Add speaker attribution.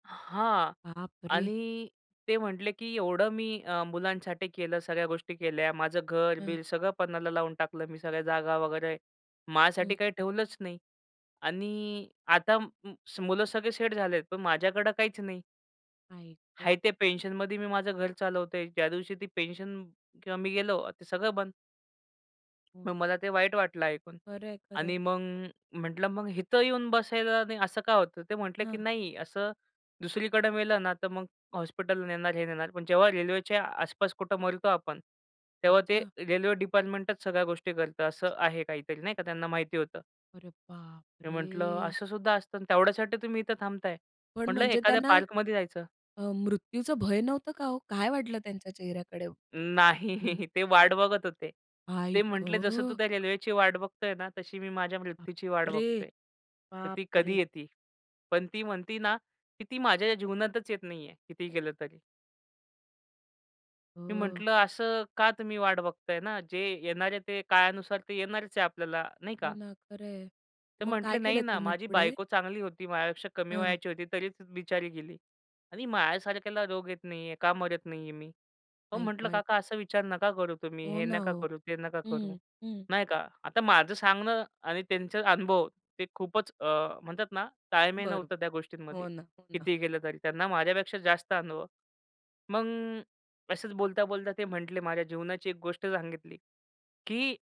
Speaker 1: हां
Speaker 2: बापरे!
Speaker 1: आणि ते म्हटले, की एवढं मी अ, मुलांसाठी केलं, सगळ्या गोष्टी केल्या माझं
Speaker 2: हं.
Speaker 1: घर-बीर सगळं पनाला लावून टाकलं मी सगळ्या जागा वगैरे माझ्यासाठी
Speaker 2: हं.
Speaker 1: काही ठेवलंच नाही आणि आता म मुलं सगळे सेट झाले पण माझ्याकडे काहीच नाही.
Speaker 2: आई ग!
Speaker 1: आहे ते पेन्शनमध्ये मी माझं घर चालवतो आहे ज्या दिवशी ती पेन्शन किंवा मी गेलो ते सगळं बंद.
Speaker 2: हं.
Speaker 1: मग मला ते वाईट वाटलं ऐकून
Speaker 2: खरं आहे, खरं आहे.
Speaker 1: आणि मग म्हटलं, मग इथं येऊन बसायला नाही असं का होतं? ते म्हटले, की
Speaker 2: हां.
Speaker 1: नाही असं दुसरीकडं मेलं ना तर मग हॉस्पिटल नेणार, हे नेणार पण जेव्हा रेल्वेच्या आसपास कुठं मरतो आपण तेव्हा ते
Speaker 2: अच्छा.
Speaker 1: रेल्वे डिपार्टमेंटच सगळ्या गोष्टी करतं. असं आहे काहीतरी नाही का? त्यांना माहिती होतं.
Speaker 2: अरे
Speaker 1: मी
Speaker 2: बापरे!
Speaker 1: म्हटलं असं सुद्धा असतं तेवढ्यासाठी तुम्ही इथं थांबत आहे.
Speaker 2: पण
Speaker 1: म्हटलं
Speaker 2: म्हणजे
Speaker 1: एखाद्या
Speaker 2: त्यांना
Speaker 1: पार्कमध्ये जायचं.
Speaker 2: अ, मृत्यूचं भय नव्हतं का हो? काय वाटलं त्यांच्या चेहऱ्याकडे? [unintelligible]
Speaker 1: नाही ते वाट बघत होते. ते
Speaker 2: बाई
Speaker 1: म्हटले जसं तू
Speaker 2: गं!
Speaker 1: त्या रेल्वेची वाट बघतो आहे ना तशी मी माझ्या मृत्यूची वाट
Speaker 2: बापरे!
Speaker 1: बघतो आहे. तर ती
Speaker 2: बापरे!
Speaker 1: कधी येती? पण ती म्हणती ना, की ती माझ्या जीवनातच येत नाही आहे. कितीही केलं तरी. मी
Speaker 2: हो.
Speaker 1: म्हंटलं, असं का तुम्ही वाट बघत आहे ना, जे येणारे ते काळानुसार ते येणारच आहे आपल्याला नाही
Speaker 2: हो
Speaker 1: का?
Speaker 2: ना खरं आहे.
Speaker 1: ते
Speaker 2: मग
Speaker 1: म्हटले,
Speaker 2: काय
Speaker 1: "नाही
Speaker 2: केलं
Speaker 1: ना
Speaker 2: तुम्ही
Speaker 1: माझी
Speaker 2: पुढे?
Speaker 1: बायको चांगली होती माझ्यापेक्षा कमी
Speaker 2: हं.
Speaker 1: वयाची होती तरीच बिचारी गेली आणि माझ्यासारख्याला रोग येत नाही आहे, का मरत नाही आहे मी." पण
Speaker 2: ऐक,
Speaker 1: म्हटलं,
Speaker 2: ऐक.
Speaker 1: "काका असा विचार नका करू तुम्ही
Speaker 2: हो
Speaker 1: हे
Speaker 2: ना.
Speaker 1: नका
Speaker 2: ओ
Speaker 1: करू, ते नका करू.
Speaker 2: हं, हं.
Speaker 1: नाही का?" आता माझं सांगणं आणि त्यांचे अनुभव ते खूपच अ, म्हणतात ना ताळमेळ
Speaker 2: बरोबर
Speaker 1: नव्हतं त्या गोष्टींमध्ये
Speaker 2: हो ना, हो ना.
Speaker 1: कितीही केलं तरी त्यांना माझ्यापेक्षा जास्त अनुभव. मग असंच बोलता, बोलता ते म्हंटले माझ्या जीवनाची एक गोष्ट सांगितली की